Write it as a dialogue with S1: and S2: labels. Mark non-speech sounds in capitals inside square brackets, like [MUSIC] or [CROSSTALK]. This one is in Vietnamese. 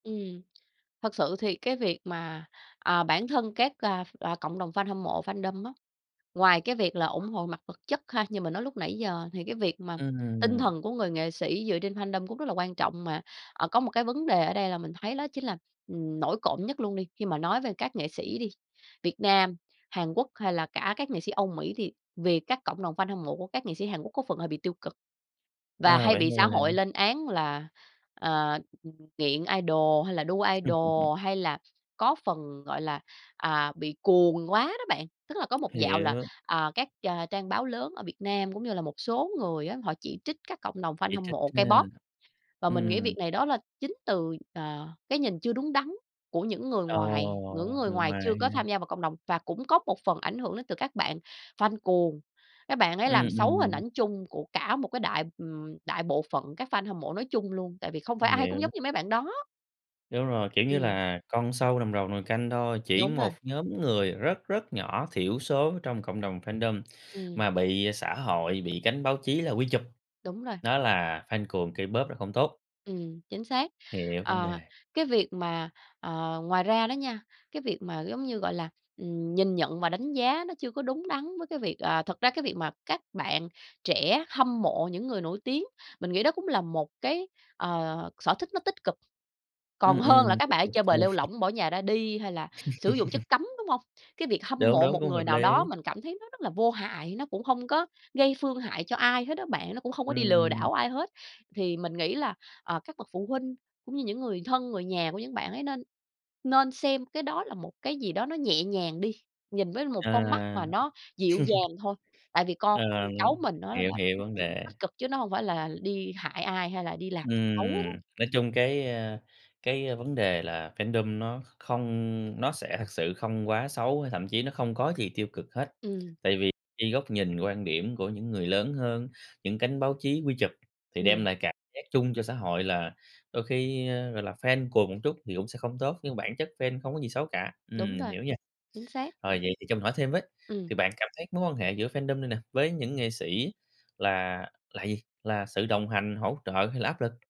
S1: Ừm. Thật sự thì cái việc mà, à, bản thân các, a, à, cộng đồng fan hâm mộ, fandom á, ngoài cái việc là ủng hộ mặt vật chất ha như mình nói lúc nãy giờ thì cái việc mà tinh
S2: Ừm.
S1: thần của người nghệ sĩ dựa trên fandom cũng rất là quan trọng. Mà, ờ, có một cái vấn đề ở đây là mình thấy đó chính là, ừm, nổi cộm nhất luôn đi, khi mà nói về các nghệ sĩ đi, Việt Nam, Hàn Quốc, hay là cả các nghệ sĩ Âu Mỹ thì vì các cộng đồng fan hâm mộ của các nghệ sĩ Hàn Quốc có phần hơi bị tiêu cực và
S2: À,
S1: hay
S2: vậy
S1: bị
S2: thường
S1: xã
S2: là
S1: hội lên án là, ờ, ừm, nghiện idol, hay là đu
S2: [CHUCKLES]
S1: idol, hay là có phần, gọi là, à, bị cuồng quá đó bạn. Tức là có một dạo là,
S2: Hiểu.
S1: à, các, a, trang báo lớn ở Việt Nam, cũng như là một số người á, họ chỉ trích các cộng đồng fan
S2: Chỉ
S1: hâm
S2: trích
S1: mộ
S2: ha.
S1: K-pop và mình nghĩ
S2: Ừm.
S1: việc này đó là chính từ, ờ, cái nhìn chưa đúng đắn của những người ngoài những
S2: Ồ,
S1: người
S2: người
S1: ngoài chưa
S2: ngoài
S1: có tham
S2: ha?
S1: gia vào cộng đồng và cũng có một phần ảnh hưởng đến từ các bạn fan cuồng. Các bạn ấy
S2: Ừm,
S1: làm xấu hình
S2: ừm.
S1: ảnh chung của cả một cái đại, ừm, đại bộ phận các fan hâm mộ nói chung luôn, tại vì không phải
S2: Mình
S1: ai cũng giống
S2: hiểu.
S1: như mấy bạn đó.
S2: Đúng rồi, kiểu như
S1: Ừm.
S2: là, con sâu làm rầu nồi canh thôi, chỉ
S1: Đúng rồi.
S2: một nhóm người rất, rất nhỏ thiểu số trong cộng đồng fandom
S1: Ừm.
S2: mà bị xã hội, bị cánh báo chí là quy chụp,
S1: Đúng rồi.
S2: đó là cuồng K-pop là không tốt.
S1: Ừm, chính xác.
S2: Hiểu vấn
S1: Ờ.
S2: đề.
S1: Cái việc mà ờ, ngoài ra đó nha, cái việc mà, giống như, gọi là, ừm, nhìn nhận và đánh giá nó chưa có đúng đắn với cái việc à, thật ra cái việc mà các bạn trẻ hâm mộ những người nổi tiếng, mình nghĩ đó cũng là một cái, ờ, sở thích nó tích cực. Còn
S2: Ừm,
S1: hơn
S2: ừm,
S1: là
S2: rất
S1: các bạn ấy
S2: [UNINTELLIGIBLE]
S1: chơi bời lêu
S2: [CHUCKLES]
S1: lổng, bỏ nhà ra đi, hay là sử dụng chất
S2: [CHUCKLES]
S1: cấm, đúng hông? Cái việc hâm
S2: Đúng,
S1: mộ
S2: đúng,
S1: một
S2: cũng
S1: người
S2: hợp
S1: nào
S2: lý.
S1: đó mình cảm thấy nó rất là vô hại, nó cũng hông có gây phương hại cho ai hết á bạn, nó cũng không có đi lừa
S2: Ừm.
S1: đảo ai hết. Thì mình nghĩ là, à, các bậc phụ huynh cũng như những người thân, người nhà của những bạn ấy nên nên xem cái đó là một cái gì đó nó nhẹ nhàng đi, nhìn với
S2: À.
S1: một con mắt mà
S2: [CHUCKLES]
S1: nó dịu dàng thôi, tại vì con,
S2: Ờ,
S1: ưm,
S2: ừm.
S1: cháu mình nó là
S2: Hiểu, hiểu
S1: nó
S2: vấn
S1: cũng
S2: đề.
S1: tích cực chứ nó hông phải là đi hại ai, hay là đi làm xấu hết
S2: Ừm,
S1: á.
S2: nói chung cái, a, cái, a, vấn đề là fandom nó kh không nó sẽ thật sự không quá xấu, hay thậm chí nó không có gì tiêu cực hết,
S1: Ừm.
S2: tại vì cái góc nhìn, quan điểm của những người lớn hơn, những cánh báo chí quy chụp, thì đem
S1: Ừm.
S2: lại cảm giác chung cho xã hội là đôi khi, ơ, gọi là, fan cuồng một chút thì cũng sẽ không tốt, nhưng bản chất fan không có gì xấu cả. Ừm,
S1: Đúng
S2: mình
S1: rồi.
S2: hiểu nha.
S1: Chính xác.
S2: Rồi, vậy thì cho mình hỏi thêm với,
S1: Ừm.
S2: thì bạn cảm thấy mối quan hệ giữa fandom này nè, với những nghệ sĩ là là gì? Là sự đồng hành, hỗ trợ hay là áp lực?